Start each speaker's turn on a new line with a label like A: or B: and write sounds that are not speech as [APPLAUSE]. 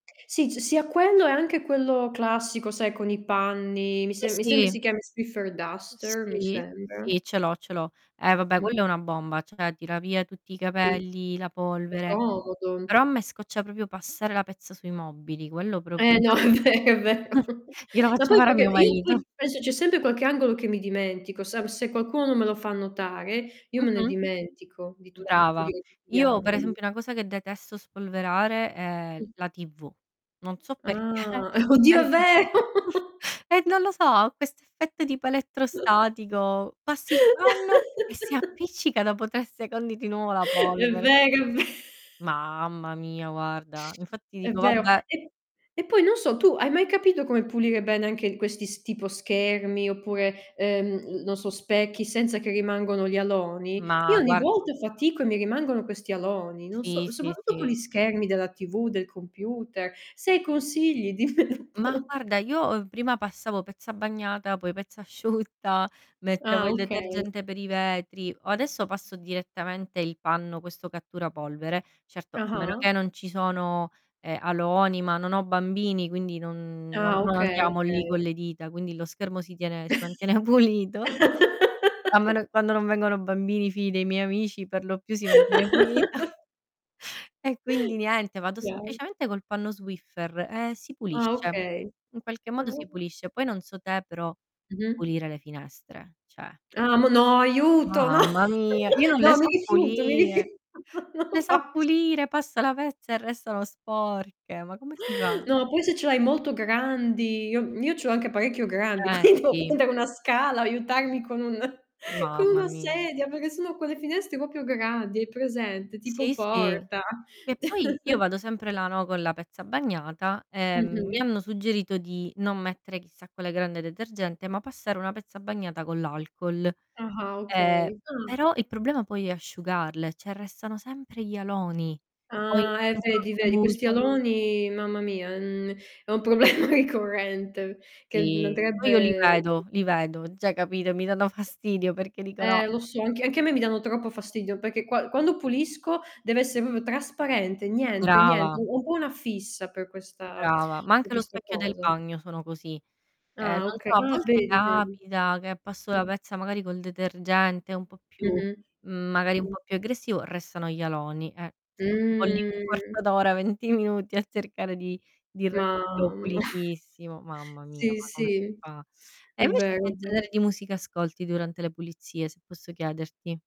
A: Sì, ci sia quello e anche quello classico, sai con i panni. Mi
B: Sì,
A: se mi sembri
B: sì.
A: si chiami Swiffer
B: Uhm,
A: Duster, mi
B: sì.
A: sembra.
B: Sì, ce l'ho, ce l'ho. Eh, vabbè quello
A: Mh-mh.
B: è una bomba, cioè tira via tutti i
A: Sì.
B: capelli, la
A: È
B: polvere.
A: comodo.
B: Però a me scoccia proprio passare la pezza sui mobili, quello proprio
A: Eh, no, è
B: infatti
A: ve è vero.
B: [CHUCKLES]
A: [CHUCKLES]
B: glielo
A: Ma
B: faccio
A: poi
B: fare a mio
A: perché io
B: marito.
A: poi penso c'è sempre qualche angolo che mi dimentico. Sa se qualcuno non me lo fa notare, io me ne
B: Mh-mh.
A: dimentico di tutti [UNINTELLIGIBLE] di
B: Brava.
A: pulire gli
B: Io per
A: angoli.
B: esempio una cosa che detesto spolverare è
A: Mh.
B: la TV. Non so perché,
A: Ah. Oddio,
B: per
A: è
B: di
A: vero!
B: [CHUCKLES]
A: [CHUCKLES]
B: e non lo so, ha questo effetto tipo elettrostatico. Passi il panno e si
A: [CHUCKLES]
B: appiccica dopo 3 secondi di nuovo la
A: È
B: polvere.
A: vero, è ve
B: Mamma mia, guarda. Infatti
A: È
B: dico:
A: vero.
B: "Vabbè."
A: E e poi non so, tu hai mai capito come pulire bene anche questi s tipo schermi oppure, ehm, non so, specchi, senza che rimangono gli aloni? Io
B: Ma
A: ogni
B: guar
A: volta fatico e mi rimangono questi aloni, non so,
B: Sì, sì,
A: soprattutto con gli
B: sì.
A: schermi della TV, del computer. Se hai consigli dimmelo
B: Ma,
A: pure.
B: guarda, io, uhm, prima passavo pezza bagnata, poi pezza asciutta. Mettevo
A: Ah,
B: il
A: okay.
B: detergente per i vetri. O adesso passo direttamente il panno, questo cattura polvere. Certo, a meno che
A: Ah-ah.
B: non ci sono, ehm, aloni, ma non ho bambini, quindi non no
A: Ah,
B: non
A: okay,
B: andiamo lì con
A: okay.
B: le dita, quindi lo schermo si tiene si mantiene pulito. A men
A: [CHUCKLES]
B: quando non vengono bambini, figli dei miei amici per lo più si mantiene pulita.
A: [CHUCKLES]
B: E quindi niente, vado
A: Chiar
B: semplicemente col panno Swiffer e si
A: Ah,
B: pulisce.
A: okay.
B: In qualche
A: Ah,
B: modo si
A: o
B: pulisce. Poi non so te, però
A: Mh-mh.
B: pulire le finestre, cioè
A: Ah, m no, aiuto. No.
B: Mamma mia. Io
A: [CHUCKLES]
B: non le
A: No, mi
B: so
A: rifiuto, mi rifiu
B: pulire.
A: [CHUCKLES] no, lo
B: Ne so
A: facc
B: pulire. Passa la pezza e restano sporche. Ma come si fa?
A: No, poi se ce l'hai molto grandi io m io c'ho anche parecchio grandi,
B: Eh,
A: quinto e
B: sì.
A: pendere una scala, aiutarmi con un [CHUCKLES] con
B: Mamma
A: una
B: mi
A: sedia, perché sono quelle finestre proprio grandi. Hai presente? Tipo
B: Sì, sì,
A: porta.
B: che poi io
A: [CHUCKLES]
B: vado sempre là, no, con la pezza bagnata, ehm, mi
A: Mh-mh.
B: hanno suggerito di non mettere chissà quella grande detergente, ma passare una pezza bagnata con l'alcol.
A: Ah-ah,
B: Ehm,
A: okay. Ah.
B: però il problema poi è asciugarle, cioè restano sempre gli aloni. Poi
A: Ah, eh, vedi, vedi. Questi
B: [UNINTELLIGIBLE]
A: aloni, mamma mia, en è un problema ricorrente, che
B: Sì. Poi io li
A: andrebbe
B: vedo, li vedo. Cioè capito, mi danno fastidio perché dico: "No"
A: Eh, lo so, anche anche a me mi danno troppo fastidio, perché qua quando pulisco deve essere proprio trasparente, niente, niente.
B: Brava.
A: Ho un po' una fissa per questa
B: Brava, ma
A: per
B: anche lo
A: questa
B: specchio del
A: cosa.
B: bagno sono così. Ehm,
A: Ah,
B: non
A: oka
B: so, a
A: Ah,
B: volte
A: vedi, vedi.
B: capita che passo
A: Mh.
B: la pezza, magari col detergente un po' più
A: Mh-mh.
B: magari un
A: Mh.
B: po' più aggressivo, restano gli aloni, eh. Sto lì un 1/4
A: Mh.
B: d'ora, 20 minuti a cercare di di renderlo
A: Mamma. [EXHALES]
B: pulitissimo. Mamma mia,
A: Sì,
B: ma come si
A: sì.
B: fa? E
A: È
B: invece
A: vero,
B: che
A: è vero.
B: genere di musica ascolti durante le pulizie, se posso chiederti?